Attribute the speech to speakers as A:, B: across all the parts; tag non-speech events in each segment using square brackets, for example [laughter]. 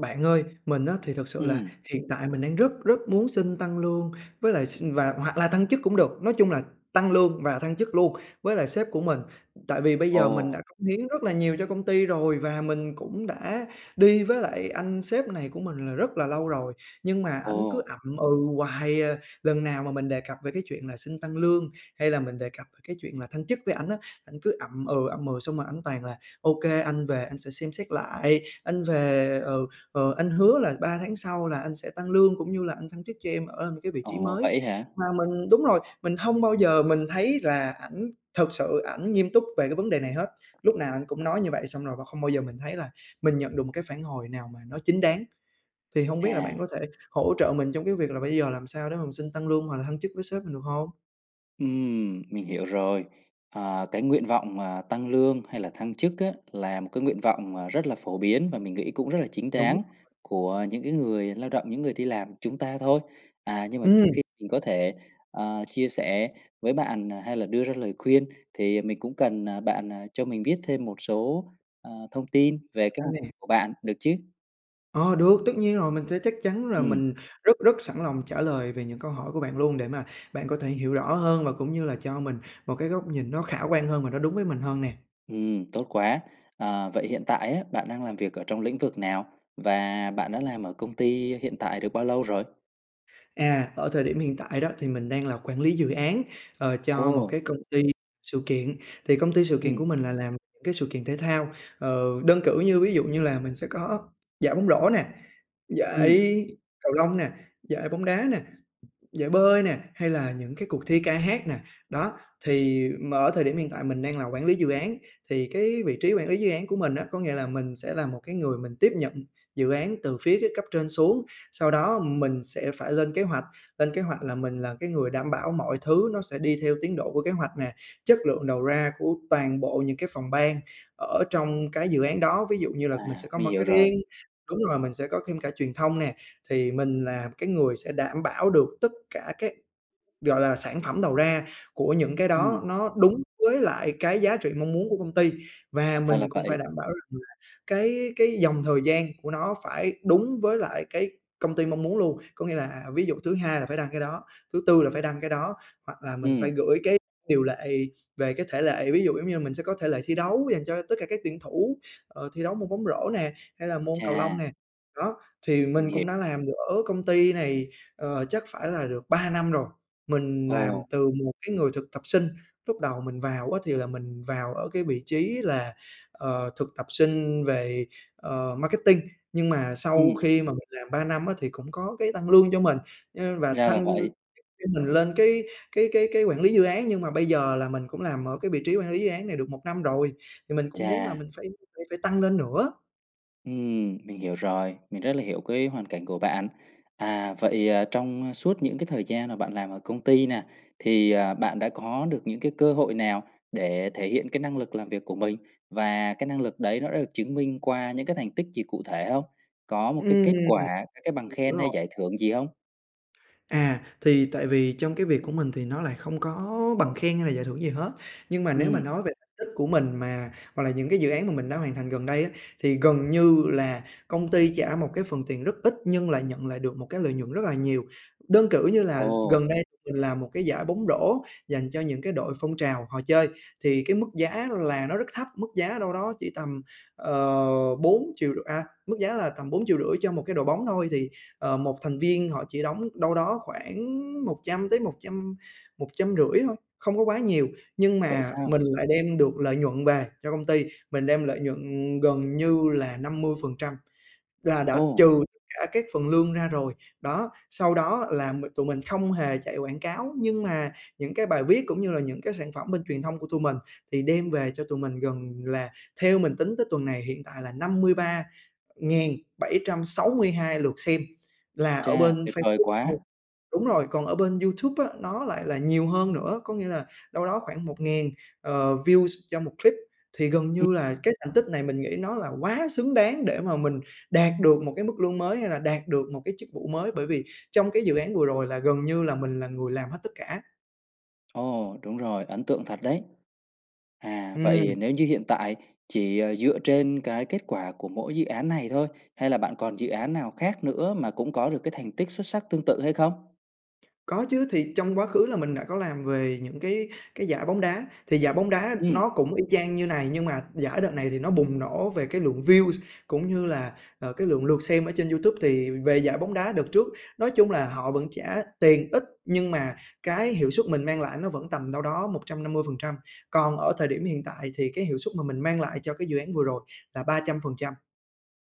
A: Bạn ơi, mình á thì thực sự là
B: Ừm.
A: hiện tại mình đang rất rất muốn xin tăng lương với lại x và hoặc là tăng chức cũng được. Nói chung là tăng lương và thăng chức luôn với lại sếp của mình, ừm, tại vì bây giờ mình đã
B: Ồ!
A: cống hiến rất là nhiều cho công ty rồi, và mình cũng đã đi với lại anh sếp này của mình là rất là lâu rồi, nhưng mà ảnh cứ
B: Ồ!
A: ậm ừ hoài à. Lần nào mà mình đề cập về cái chuyện là xin tăng lương, hay là mình đề cập cái chuyện là thăng chức với ảnh á, ảnh cứ ậm ừ, ậm ừ, xong rồi ảnh toàn là "Ô kê, anh về anh sẽ xem xét lại, anh về, ừ, ờ, anh hứa là 3 tháng sau là anh sẽ tăng lương, cũng như là anh thăng chức cho em ở cái vị trí
B: Ồ,
A: mới."
B: vậy á hả?
A: Mà mình đúng rồi, mình hông bao giờ mình thấy là ảnh thực sự ảnh nghiêm túc về cái vấn đề này hết. Lúc nào ảnh cũng nói như vậy xong rồi và không bao giờ mình thấy là mình nhận được một cái phản hồi nào mà nó chính đáng. Thì hông biết là bạn
B: Chà.
A: có thể hỗ trợ mình trong cái việc là bây giờ làm sao để mà mình xin tăng lương, hoặc là thăng chức với sếp mình, được hông?
B: Ừm, mình hiểu rồi. Ờ, cái nguyện vọng mà tăng lương hay là thăng chức á là một cái nguyện vọng, à, rất là phổ biến và mình nghĩ cũng rất là chính
A: Đúng
B: đáng
A: rồi.
B: của những cái người lao động, những người đi làm chúng ta thôi. À, nhưng mà trước
A: Ừm.
B: khi mình có thể, ờ, chia sẻ với bạn, à, hay là đưa ra lời khuyên, thì mình cũng cần, à, bạn, à, cho mình biết thêm một số, ờ, thông tin về kế
A: Sao
B: hoạch
A: nè.
B: của bạn được chứ?
A: Ờ, được, tất nhiên rồi. Mình sẽ chắc chắn là
B: Ừm.
A: mình rất rất sẵn lòng trả lời về những câu hỏi của bạn luôn, để mà bạn có thể hiểu rõ hơn và cũng như là cho mình một cái góc nhìn nó khả quan hơn và nó đúng với mình hơn nè.
B: Ừm, tốt quá. Ờ, vậy hiện tại á bạn đang làm việc ở trong lĩnh vực nào? Và bạn đã làm ở công ty hiện tại được bao lâu rồi?
A: À, ở thời điểm hiện tại đó thì mình đang là Quản lý dự án, ờ, cho một
B: Ồ!
A: cái công ty sự kiện, thì công ty sự kiện
B: Ừm.
A: của mình là làm cái sự kiện thể thao. Ờ, đơn cử như ví dụ như là mình sẽ có giải bóng rổ nè,
B: Ừm.
A: giải cầu lông nè, giải bóng đá nè, giải bơi nè, hay là những cái cuộc thi ca hát nè. Đó, thì mà ở thời điểm hiện tại mình đang là Quản lý dự án, thì cái vị trí Quản lý dự án của mình á có nghĩa là mình sẽ là một cái người mình tiếp nhận dự án từ phía các cấp trên xuống, sau đó mình sẽ phải lên kế hoạch, lên kế hoạch là mình là cái người đảm bảo mọi thứ nó sẽ đi theo tiến độ của kế hoạch nè, chất lượng đầu ra của toàn bộ những cái phòng ban ở trong cái dự án đó, ví dụ như là mình
B: À,
A: sẽ có
B: mình hiểu rồi.
A: marketing, đúng rồi, mình sẽ có thêm cả truyền thông nè, thì mình là cái người sẽ đảm bảo được tất cả các gọi là, sản phẩm đầu ra của những cái đó
B: Ừm.
A: nó đúng với lại cái giá trị mong muốn của công ty và
B: Ra là
A: mình cũng phải
B: vậy.
A: đảm bảo rằng là cái cái dòng thời gian của nó phải đúng với lại cái công ty mong muốn luôn. Có nghĩa là ví dụ thứ Hai là phải đăng cái đó, thứ Tư là phải đăng cái đó, hoặc là mình phải
B: Ừm.
A: gửi cái điều lệ về cái thể lệ, ví dụ giống như là mình sẽ có thể lệ thi đấu dành cho tất cả các tuyển thủ, ờ, thi đấu môn bóng rổ nè, hay là môn cầu lông
B: Chà!
A: nè. Đó, thì
B: Mình
A: mình
B: hiểu.
A: cũng đã làm được ở công ty này, ờ, chắc phải là được 3 năm rồi. Mình
B: Ồ!
A: làm từ một cái người thực tập sinh, lúc đầu mình vào á thì là mình vào ở cái vị trí là, ờ, thực tập sinh về, ờ, Marketing, nhưng mà sau
B: Ừm.
A: khi mà mình làm 3 năm á thì cũng có cái tăng lương cho mình, ơ, và
B: Ra là
A: thăng
B: vậy.
A: chức cho mình lên cái cái cái cái Quản lý dự án. Nhưng mà bây giờ là mình cũng làm ở cái vị trí Quản lý dự án này được 1 năm rồi, thì mình cũng muốn là
B: Chà!
A: mình phải phải phải tăng lên nữa.
B: Ừm, mình hiểu rồi, mình rất là hiểu cái hoàn cảnh của bạn. À, vậy, ờ, trong suốt những cái thời gian mà bạn làm ở công ty nè thì, à, bạn đã có được những cái cơ hội nào để thể hiện cái năng lực làm việc của mình, và cái năng lực đấy nó đã được chứng minh qua những cái thành tích gì cụ thể hông? Có một cái
A: Ừm,
B: kết quả, c cái bằng
A: m hiểu
B: khen hay
A: rồi.
B: giải thưởng gì hông?
A: À, thì tại vì trong cái việc của mình thì nó lại không có bằng khen hay là giải thưởng gì hết, nhưng mà nếu mà
B: Ừm.
A: nói về tích của mình mà hoặc là những cái dự án mà mình đã hoàn thành gần đây á, thì gần như là công ty trả một cái phần tiền rất ít nhưng lại nhận lại được một cái lợi nhuận rất là nhiều. Đơn cử như là
B: Ồ!
A: gần đây mình làm một cái giải bóng rổ dành cho những cái đội phong trào họ chơi, thì cái mức giá là nó rất thấp, mức giá đâu đó chỉ tầm, ờ, bốn triệu rư à, mức giá là tầm 4.500.000 cho một cái đội bóng thôi, thì, ờ, một thành viên họ chỉ đóng đâu đó khoảng 100 tới một trăm một trăm rưỡi thôi, không có quá nhiều, nhưng
B: Vậy
A: mà
B: sao?
A: mình lại đem được lợi nhuận về cho công ty, mình đem lợi nhuận gần như là 50%, là đã
B: Ô!
A: trừ cả các phần lương ra rồi. Đó, sau đó là m tụi mình không hề chạy quảng cáo nhưng mà những cái bài viết cũng như là những cái sản phẩm bên truyền thông của tụi mình thì đem về cho tụi mình gần là theo mình tính tới tuần này hiện tại là 53.762 lượt xem là ở
B: Cha,
A: bên
B: tuyệt vời
A: Facebook
B: quá!
A: thôi đúng rồi, còn ở bên YouTube á nó lại là nhiều hơn nữa, có nghĩa là đâu đó khoảng 1000, ờ, views cho một clip. Thì gần
B: Ừm.
A: như là cái thành tích này mình nghĩ nó là quá xứng đáng để mà mình đạt được một cái mức lương mới hay là đạt được một cái chức vụ mới, bởi vì trong cái dự án vừa rồi là gần như là mình là người làm hết tất cả.
B: Ồ, đúng rồi, ấn tượng thật đấy! À, vậy
A: Ừm.
B: nếu như hiện tại chỉ, ờ, dựa trên cái kết quả của mỗi dự án này thôi, hay là bạn còn dự án nào khác nữa mà cũng có được cái thành tích xuất sắc tương tự hay không?
A: Có chứ, thì trong quá khứ là mình đã có làm về những cái cái giải bóng đá. Thì giải bóng đá
B: Ừm.
A: nó cũng y chang như này, nhưng mà giải đợt này thì nó bùng nổ về cái lượng views cũng như là, à, cái lượng lượt xem ở trên YouTube. Thì về giải bóng đá đợt trước nói chung là họ vẫn trả tiền ít, nhưng mà cái hiệu suất mình mang lại nó vẫn tầm đâu đó 150%. Còn ở thời điểm hiện tại thì cái hiệu suất mà mình mang lại cho cái dự án vừa rồi là 300%.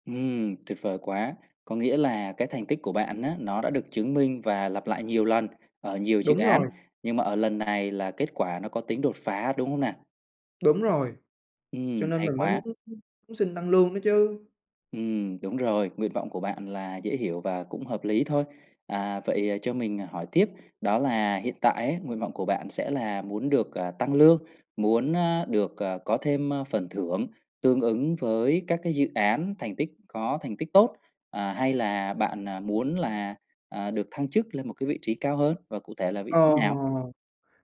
B: Ừm, tuyệt vời quá! Có nghĩa là cái thành tích của bạn á, nó đã được chứng minh và lặp lại nhiều lần, ở nhiều dự
A: Đúng
B: án,
A: rồi.
B: nhưng mà ở lần này là kết quả nó có tính đột phá, đúng không nè?
A: Đúng rồi, cho
B: Ừm,
A: nên
B: hay
A: mình mới
B: quá!
A: muốn muốn xin tăng lương đó chứ.
B: Ừm, đúng rồi, nguyện vọng của bạn là dễ hiểu và cũng hợp lý thôi. À, vậy cho mình hỏi tiếp đó là hiện tại á nguyện vọng của bạn sẽ là muốn được, à, tăng lương, muốn, à, được, à, có thêm, ơ, phần thưởng tương ứng với các cái dự án thành tích có thành tích tốt, à, hay là bạn, à, muốn là, à, được thăng chức lên một cái vị trí cao hơn và cụ thể là vị trí
A: Ồ!
B: nào?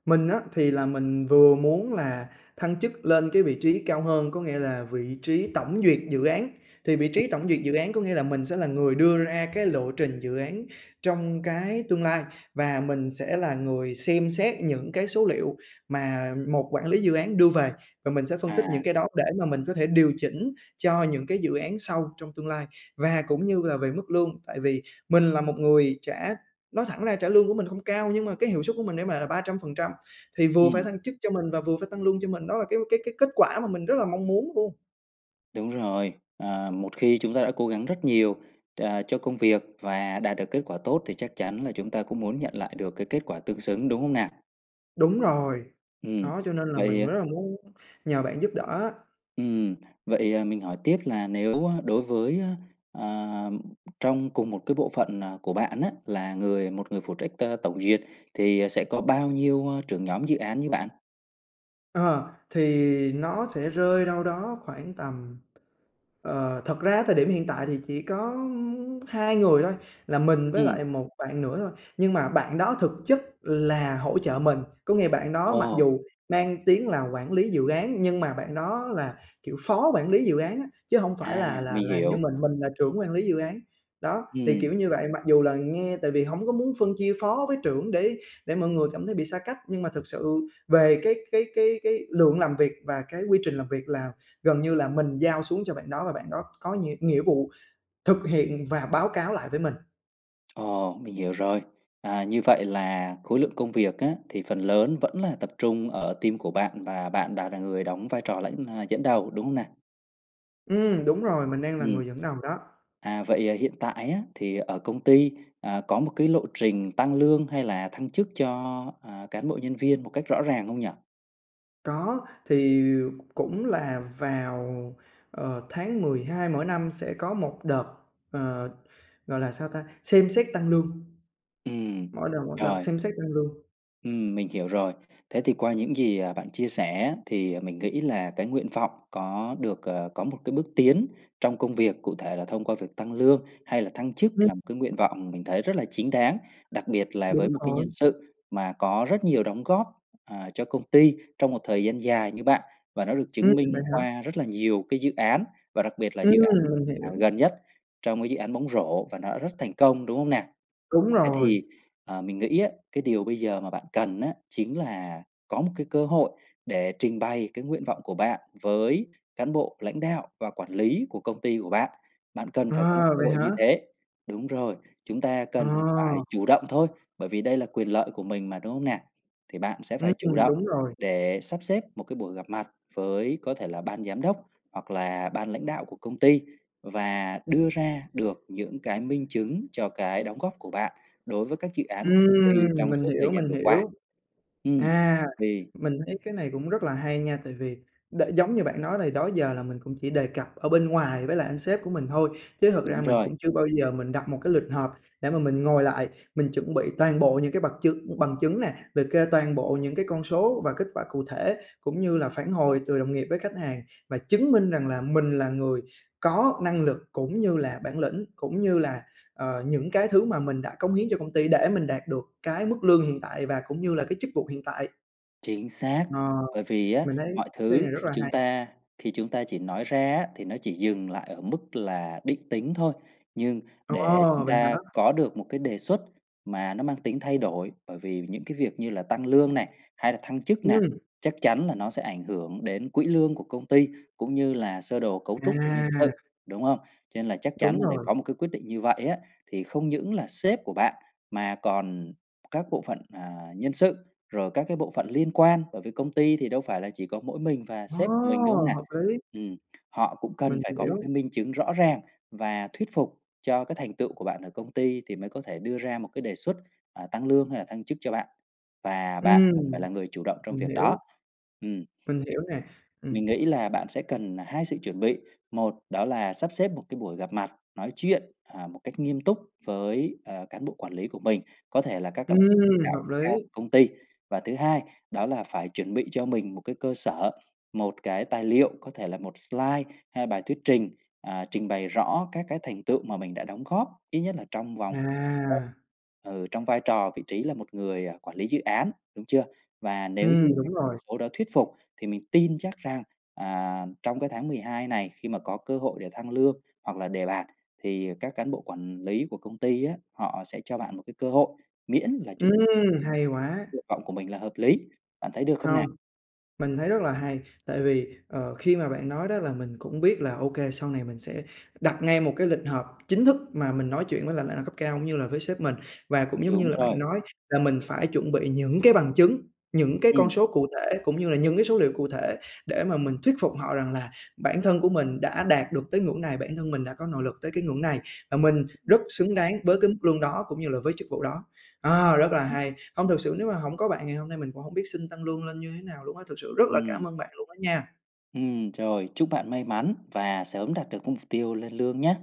A: Mình á, thì là mình vừa muốn là thăng chức lên cái vị trí cao hơn, có nghĩa là vị trí tổng duyệt dự án. Thì vị
B: Ừm.
A: trí tổng duyệt dự án có nghĩa là mình sẽ là người đưa ra cái lộ trình dự án trong cái tương lai, và mình sẽ là người xem xét những cái số liệu mà một quản lý dự án đưa về, và mình sẽ phân tích những
B: À.
A: cái đó để mà mình có thể điều chỉnh cho những cái dự án sau trong tương lai. Và cũng như là về mức lương, tại vì mình là một người trả nói thẳng ra trả lương của mình không cao nhưng mà cái hiệu suất của mình để mà là 300% thì vừa phải
B: Ừm.
A: thăng chức cho mình và vừa phải tăng lương cho mình, đó là cái cái cái kết quả mà mình rất là mong muốn luôn.
B: Đúng rồi, à, một khi chúng ta đã cố gắng rất nhiều, à, cho công việc và đạt được kết quả tốt thì chắc chắn là chúng ta cũng muốn nhận lại được cái kết quả tương xứng, đúng hông nè?
A: Đúng rồi,
B: Ừm,
A: đó, cho nên là mình
B: vậy
A: rất là muốn nhờ bạn giúp đỡ á.
B: ừm, vậy, à, mình hỏi tiếp là nếu đối với, a, à, trong cùng một cái bộ phận, à, của bạn á, là người một người phụ trách t tổng duyệt thì sẽ có bao nhiêu, a, trưởng nhóm dự án như bạn?
A: Ờ, thì nó sẽ rơi đâu đó khoảng tầm ờ, thật ra á thời điểm hiện tại thì chỉ có, ơm, 2 người thôi là mình với
B: Ừm.
A: lại một bạn nữa thôi, nhưng mà bạn đó thực chất là hỗ trợ mình, có nghĩa bạn đó mặc
B: Ồ!
A: dù mang tiếng là quản lý dự án nhưng mà bạn đó là, kiểu, phó quản lý dự án á, chứ hông phải
B: À,
A: là là
B: mình
A: là như
B: hiểu.
A: mình, mình là trưởng quản lý dự án. Đó, thì,
B: Ừm.
A: kiểu như vậy, mặc dù là nghe tại vì hổng có muốn phân chia phó với trưởng để để mọi người cảm thấy bị xa cách, nhưng mà thực sự về cái cái cái cái lượng làm việc và cái quy trình làm việc là gần như là mình giao xuống cho bạn đó và bạn đó có nhiệm nghĩa vụ thực hiện và báo cáo lại với mình.
B: Ồ! Mình hiểu rồi. À, như vậy là khối lượng công việc á thì phần lớn vẫn là tập trung ở team của bạn và bạn đã là người đóng vai trò lãnh, ờ, dẫn đầu, đúng hông nè?
A: Ừm, đúng rồi, mình đang là
B: Ừm.
A: người dẫn đầu đó.
B: À, vậy, ờ, hiện tại á thì ở công ty, ờ, có một cái lộ trình tăng lương hay là thăng chức cho, ờ, cán bộ nhân viên một cách rõ ràng không nhỉ?
A: Có, thì, cũng là vào, ờ, Tháng 12 mỗi năm sẽ có một đợt, ờ, gọi là sao ta? Xem xét tăng lương.
B: Ừm.
A: Mỗi đợt mỗi đợt
B: Rồi.
A: xem xét tăng lương.
B: Ừm, mình hiểu rồi. Thế thì qua những gì, ờ, bạn chia sẻ á, thì mình nghĩ là cái nguyện vọng có được, ờ, có một cái bước tiến trong công việc, cụ thể là thông qua việc tăng lương hay là thăng chức
A: [unintelligible]
B: là một cái nguyện vọng mình thấy rất là chính đáng, đặc biệt là
A: Đúng
B: với một cái
A: rồi.
B: nhân sự mà có rất nhiều đóng góp, ờ, cho công ty trong một thời gian dài như bạn và nó được
A: Ừm,
B: chứng
A: vậy
B: minh
A: hả?
B: qua rất là nhiều cái dự án và đặc biệt là
A: Ừm,
B: dự án,
A: mình hiểu.
B: ờ, gần nhất trong cái dự án bóng rổ, và nó đã rất thành công, đúng hông nè?
A: Đúng
B: Thế
A: rồi.
B: thì, ờ, mình nghĩ á cái điều bây giờ mà bạn cần á chính là có một cái cơ hội để trình bày cái nguyện vọng của bạn với Cán bộ lãnh đạo và quản lý của công ty của bạn, bạn cần phải có một
A: À,
B: cơ
A: vậy
B: hội
A: hả?
B: như thế. Đúng rồi, chúng ta cần phải
A: À.
B: chủ động thôi, bởi vì đây là quyền lợi của mình mà, đúng hông nè? Thì bạn sẽ
A: Ừm,
B: phải chủ động
A: đúng rồi.
B: để sắp xếp một cái buổi gặp mặt với có thể là Ban giám đốc, hoặc là Ban lãnh đạo của công ty và đưa ra được những cái minh chứng cho cái đóng góp của bạn đối với các dự án của công ty
A: Ừm,
B: trong
A: mình
B: suốt thời
A: hiểu,
B: gian
A: mình
B: vừa qua.
A: hiểu.
B: Ừm.
A: À,
B: Vì
A: mình thấy cái này cũng rất là hay nha, tại vì đã giống như bạn nói thì đó giờ là mình cũng chỉ đề cập ở bên ngoài với lại anh sếp của mình thôi, chứ thực ra
B: Đúng
A: mình
B: rồi.
A: cũng chưa bao giờ mình đặt một cái lịch họp để mà mình ngồi lại, mình chuẩn bị toàn bộ những cái bật chứng bằng chứng nè, liệt kê toàn bộ những cái con số và kết quả cụ thể, cũng như là phản hồi từ đồng nghiệp với khách hàng và chứng minh rằng là mình là người có năng lực cũng như là bản lĩnh, cũng như là, ờ, những cái thứ mà mình đã cống hiến cho công ty để mình đạt được cái mức lương hiện tại và cũng như là cái chức vụ hiện tại.
B: Chính xác,
A: Ờ.
B: bởi vì á
A: Mình thấy
B: mọi
A: cái này
B: thứ
A: rất
B: khi
A: là
B: chúng
A: hay.
B: ta khi chúng ta chỉ nói ra á thì nó chỉ dừng lại ở mức là định tính thôi, nhưng để
A: Ồ!
B: chúng
A: Vậy hả?
B: ta có được một cái đề xuất mà nó mang tính thay đổi, bởi vì những cái việc như là tăng lương này, hay là thăng chức này
A: Ừm.
B: chắc chắn là nó sẽ ảnh hưởng đến quỹ lương của công ty, cũng như là sơ đồ cấu trúc của nhân sự,
A: À!
B: đúng hông? Cho nên là chắc chắn
A: Đúng
B: là để
A: rồi.
B: có một cái quyết định như vậy á thì không những là sếp của bạn mà còn các bộ phận, ờ, Nhân sự, rồi các cái bộ phận liên quan bởi vì công ty thì đâu phải là chỉ có mỗi mình và sếp của mình, đúng hông
A: Ô!
B: nà?
A: Hợp lý.
B: Ừm, họ cũng cần
A: Mình
B: phải có một
A: hiểu.
B: cái minh chứng rõ ràng và thuyết phục cho cái thành tựu của bạn ở công ty, thì mới có thể đưa ra một cái đề xuất, à, tăng lương hay là thăng chức cho bạn và bạn cần phải
A: Ừm.
B: là người chủ động trong
A: Mình
B: việc
A: hiểu.
B: đó. Ừm. Giúp
A: Mình hiểu nè.
B: mình
A: Ừm.
B: nghĩ là bạn sẽ cần 2 sự chuẩn bị, một đó là sắp xếp một cái buổi gặp mặt, nói chuyện, à, một cách nghiêm túc với, ờ, cán bộ quản lý của mình, có thể là các c lãnh
A: Ừm,
B: đạo
A: hợp
B: cấp cao
A: lý.
B: của công ty. Và thứ hai đó là phải chuẩn bị cho mình một cái cơ sở, một cái tài liệu, có thể là một slide, hay bài thuyết trình, ờ, trình bày rõ các cái thành tựu mà mình đã đóng góp ít nhất là trong vòng [unintelligible]
A: À.
B: ừ, trong vai trò vị trí là một người, ờ, quản lý dự án, đúng chưa? Và nếu
A: Ừm,
B: như các
A: đúng
B: con
A: rồi.
B: số đó thuyết phục, thì mình tin chắc rằng, à, trong cái tháng 12 này, khi mà có cơ hội để thăng lương, hoặc là đề bạt, thì các cán bộ quản lý của công ty á, họ sẽ cho bạn một cái cơ hội, miễn là chúng [unintelligible]
A: Ừm, hay quá!
B: nguyện vọng của mình là hợp lý, bạn thấy được không nà?
A: Hông. Mình thấy rất là hay, tại vì, ờ, khi mà bạn nói đó là mình cũng biết là ô kê, sau này mình sẽ đặt ngay một cái lịch họp chính thức mà mình nói chuyện với lại lãnh đạo cấp cao, cũng như là với sếp mình và cũng giống như
B: Đúng
A: là bạn
B: rồi.
A: nói là mình phải chuẩn bị những cái bằng chứng, những cái con
B: Ừm.
A: số cụ thể, cũng như là những cái số liệu cụ thể để mà mình thuyết phục họ rằng là bản thân của mình đã đạt được tới ngưỡng này, bản thân mình đã có nội lực tới cái ngưỡng này và mình rất xứng
B: [unintelligible]
A: đáng với cái mức lương đó, cũng như là với chức vụ đó. Ờ, rất là hay, hông thực sự nếu mà hổng có bạn ngày hôm nay mình cũng hổng biết xin tăng lương lên như thế nào luôn á, thực sự rất là
B: Ừm.
A: cảm ơn bạn luôn á nha.
B: Ừm, rồi, chúc bạn may mắn và sớm đạt được cái mục tiêu lên lương nhá.